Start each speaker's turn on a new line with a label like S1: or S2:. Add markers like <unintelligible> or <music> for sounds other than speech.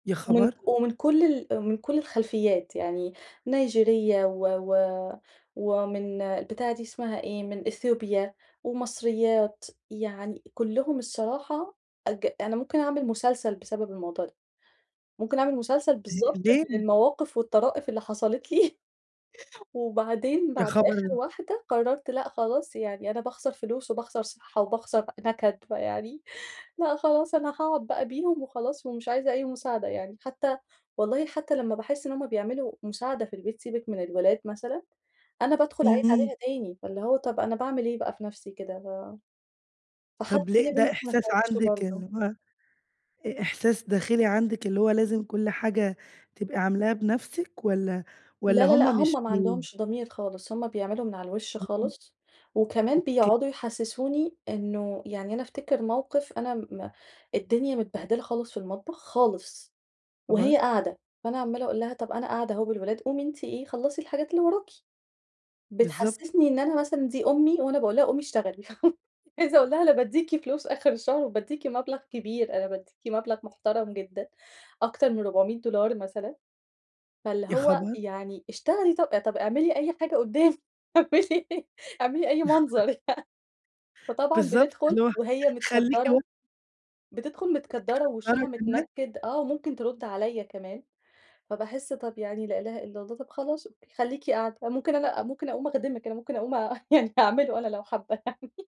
S1: يا
S2: ومن
S1: خبر!
S2: ك ومن كل ال ومن كل الخلفيات يعني، نيجيرية و و ومن البتاع دي اسمها إيه من أثيوبيا، ومصريات، يعني كلهم الصراحة أج أنا ممكن أعمل مسلسل بسبب الموضوع ده، ممكن أعمل مسلسل
S1: أ
S2: بالضبط من
S1: ليه؟
S2: المواقف والطرائف اللي حصلتلي، <chuckles> وبعدين
S1: يا
S2: بعد آخر
S1: خبر!
S2: واحدة، قررت لأ، خلاص يعني أنا باخسر فلوس وباخسر صحة وباخسر نكد، <chuckles> فيعني لأ خلاص، أنا هاقعد بقى بيهم وخلاص ومش عايزة أي مساعدة يعني. حتى والله حتى لما باحس إن هم بيعملوا مساعدة في البيت، سيبِك من الولاد مثلًا، أنا بادخل أعيد
S1: إمم.
S2: عليها تاني، فاللي هو طب أنا باعمل ليه بقى في نفسي كده؟ ف فحتى
S1: طب
S2: دي
S1: ليه،
S2: يا
S1: ده
S2: بنتي ما
S1: إحساس
S2: نفعتش
S1: عندِك
S2: برضه.
S1: اللي هو إ إحساس داخلي عندِك اللي هو لازم كل حاجة تبقي عاملاها بنفسِك، والَّا والَّا
S2: لا لا لأ،
S1: هم مش
S2: هم ما
S1: بي
S2: عندهمش ضمير خالص، هم بيعملوا من على الوش
S1: اهم.
S2: خالص. وكمان
S1: أوك
S2: بيقعدوا يحسسوني إنه يعني أنا افتكر موقف أنا م الدنيا متبهدلة خالص في المطبخ، خالص،
S1: يا خبر!
S2: وهي قاعدة، فأنا عمَّالة أقول لها: "طب أنا قاعدة أهو بالولاد، قومي أنتِ إيه، خلَّصي الحاجات اللي وراكِ."
S1: بالضبط.
S2: بتحسسني إن أنا مثلًا دي أمي، وأنا باقولها قومي اشتغلي، <laughs> عايزة أقول لها أنا باديكِ فلوس آخر الشهر، وباديكِ مبلغ كبير، أنا باديكِ مبلغ محترم جدًا، أكتر من $400 مثلًا، فاللي
S1: يا
S2: هو
S1: خبر!
S2: يعني اشتغلي طب طب اعملي أي حاجة قدامي اعملي اعملي أي
S1: <laughs>
S2: منظر يعني. فطبعًا
S1: بالضبط، اللي
S2: بتدخُل
S1: هو
S2: وهي
S1: خليكِ وا <unintelligible>
S2: متكدَّرة، بتدخُل متكدَّرة
S1: متكدَّرة
S2: ووشها
S1: كمان!
S2: متنكِّد، آه، وممكن ترد عليا كمان، فباحس طب يعني لا إله إلا الله، طب خلاص أوكي خليكِ قاعدة، آآ، ممكن أنا ممكن أقوم أخدمِك أنا ممكن أقوم يعني أعمله أنا، لو حابة يعني.